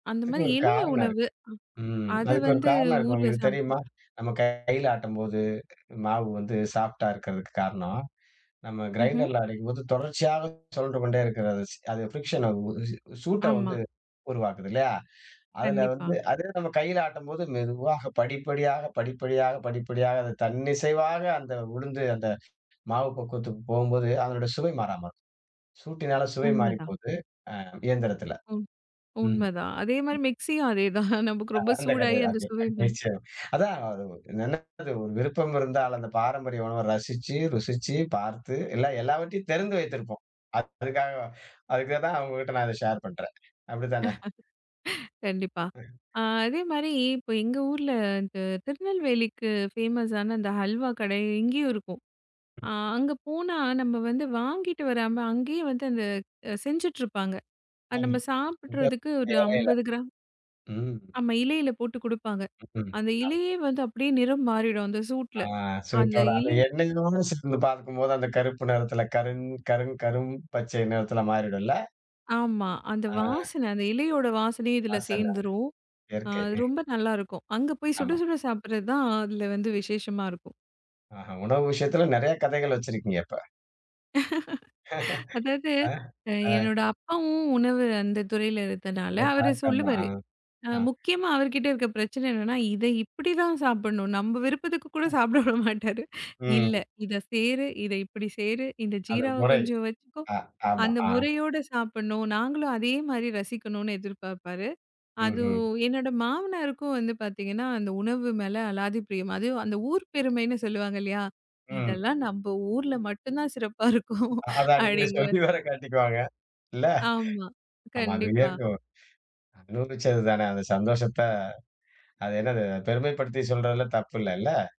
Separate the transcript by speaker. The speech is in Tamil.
Speaker 1: அந்த
Speaker 2: அதுக்கு
Speaker 1: மாரி
Speaker 2: ஒரு
Speaker 1: எளிய
Speaker 2: காரணம்
Speaker 1: உணவு
Speaker 2: இருக்கு. ம்.
Speaker 1: அது
Speaker 2: அதுக்கு ஒரு
Speaker 1: வந்து
Speaker 2: காரணம் இருக்கு.
Speaker 1: ஊர்ல
Speaker 2: ஒங்களுக்குத்
Speaker 1: சாப்பிட்
Speaker 2: தெரியுமா? நம்ம கைல ஆட்டம் போது மாவு வந்து சாஃப்ட்டா இருக்கறதுக்கு காரணம், நம்ம
Speaker 1: ம்ஹம்.
Speaker 2: க்ரைன்டர்ல அரைக்கும்போது தொடர்ச்சியாகச் சொழன்று கொண்டே இருக்கிறது. அது ஃப்ரிக்சன் சூ சூட்ட
Speaker 1: ஆமா.
Speaker 2: வந்து உருவாக்குது இல்லயா? அதுல
Speaker 1: கண்டிப்பா.
Speaker 2: வந்து அதே இது நம்ம கையில ஆட்டும் போது, மெதுவாக படிப்படியாக படிப்படியாக படிப்படியாக அது தன்னிசைவாக அந்த உளுந்து அந்த மாவு பக்குவத்துக்குப் போகும்போது, அதனோட சுவை மாறாம இருக்கும். சூட்டினால சுவை
Speaker 1: உண்மைதான்.
Speaker 2: மாறிப்போகுது. அ இயந்திரத்துல.
Speaker 1: உ
Speaker 2: ம்.
Speaker 1: உண்மைதான். அதே மாரி மிக்ஸியும் அதேதான். நமக்கு ரொம்ப
Speaker 2: அந்த கதை
Speaker 1: சூடாகி அந்த சுவை
Speaker 2: [unintelligible] அதான் [unintelligible] விருப்பம் இருந்தால் அந்தப் பாரம்பரிய உணவ ரசிச்சு, ருசிச்சு, பார்த்து எல்லா எல்லாவற்றையும் தெரிந்து வைத்திருப்போம். அதுக்காக அதுக்காகத்தான் உங்ககிட்ட நான் ஷேர் பண்றேன். அப்டித்தானே?
Speaker 1: கண்டிப்பா.
Speaker 2: அ.
Speaker 1: ஆ அதே மாரி இப்ப எங்க ஊர்ல, இந்த திருநெல்வேலிக்கு ஃபேமஸான அந்த ஹல்வா கடை இங்கயும் இருக்கும். ஆ அங்க போனா, நம்ம வந்து வாங்கிட்டு வராம, அங்கயே வந்து அந்த செஞ்சுட்டு இருப்பாங்க.
Speaker 2: அம்
Speaker 1: நம்ம
Speaker 2: அது.
Speaker 1: சாப்பிட்றதுக்கு ஒரு
Speaker 2: [unintelligible] இல்ல.
Speaker 1: 50 கிராம்.
Speaker 2: ம்.
Speaker 1: ஆமா இலையில போட்டுக் குடுப்பாங்க.
Speaker 2: ம்.
Speaker 1: அந்த
Speaker 2: ஆமா.
Speaker 1: இலையே வந்து அப்படியே நிறம் மாறிடும் அந்த
Speaker 2: அ
Speaker 1: சூட்டுல. அந்த
Speaker 2: சுட்டோட, அந்த
Speaker 1: இலை
Speaker 2: எண்ணெயோட சேர்ந்து பார்க்கும்போது அந்தக் கருப்பு நிறத்துல கருங் கருங் கரும் பச்சை நிறத்துல மாறிடும் இல்ல?
Speaker 1: ஆமா, அந்த
Speaker 2: அ.
Speaker 1: வாசன. அந்த இலையோட வாசனையும் இதுல
Speaker 2: வாசன.
Speaker 1: சேர்ந்துரும். ஆ
Speaker 2: இயற்கை. ம்.
Speaker 1: ரொம்ப நல்லா இருக்கும். அங்க போய் சுட
Speaker 2: ஆமா.
Speaker 1: சுட சாப்பிடுறதுதான் அதுல வந்து விசேஷமா இருக்கும்.
Speaker 2: அஹ, உணவு விஷயத்துல நெறைய கதைகள் வச்சிருக்கீங்க அப்ப.
Speaker 1: அதாவது
Speaker 2: ஆ.
Speaker 1: அ
Speaker 2: ஆ.
Speaker 1: என்னோட அப்பாவும் உணவு அந்தத் துறையில இருந்தனால அவரு
Speaker 2: [unintelligible] ஆ.
Speaker 1: சொல்லுவாரு. அ
Speaker 2: ஆ.
Speaker 1: முக்கியமா அவர்கிட்ட இருக்க பிரச்சனை என்னன்னா, இதை இப்படித்தான் சாப்பிட்ணும். நம்ம விருப்பத்துக்கு
Speaker 2: ம்.
Speaker 1: கூடச் சாப்பிட விடமாட்டாரு. இல்ல.
Speaker 2: ம்.
Speaker 1: இதைச் சேரு இதை இப்படிச் சேரு, இந்த
Speaker 2: அது
Speaker 1: ஜீராவை
Speaker 2: முறை.
Speaker 1: கொஞ்சம் வச்சுக்கோ,
Speaker 2: அ, ஆமா,
Speaker 1: அந்த
Speaker 2: அ.
Speaker 1: முறையோடு சாப்பிடணும். நாங்களும் அதே மாரி ரசிக்கணும்னு எதிர்பாப்பாரு. அது
Speaker 2: ம்ஹம்.
Speaker 1: என்னோட மாமனாருக்கும் வந்து பார்த்தீங்கன்னா அந்த உணவு மேல அலாதி ப்ரியம். அதுவும் அந்த ஊர் பெருமைன்னு சொல்லுவாங்க இல்லையா?
Speaker 2: ம்.
Speaker 1: இதெல்லாம் நம்ம ஊர்ல மட்டும்தான் சிறப்பா இருக்கும்
Speaker 2: அதான் இனிமே
Speaker 1: அப்டிங்குவாரு.
Speaker 2: சொல்லி வேற காட்டிக்குவாங்க. இல்ல.
Speaker 1: ஆமா.
Speaker 2: ஆமா அது
Speaker 1: கண்டிப்பா.
Speaker 2: இருக்கும். அனுபவிச்சதுதானே அந்தச் சந்தோஷத்த அது என்னது? பெருமைப்படுத்திச் சொல்றதுல தப்பு இல்லை இல்ல.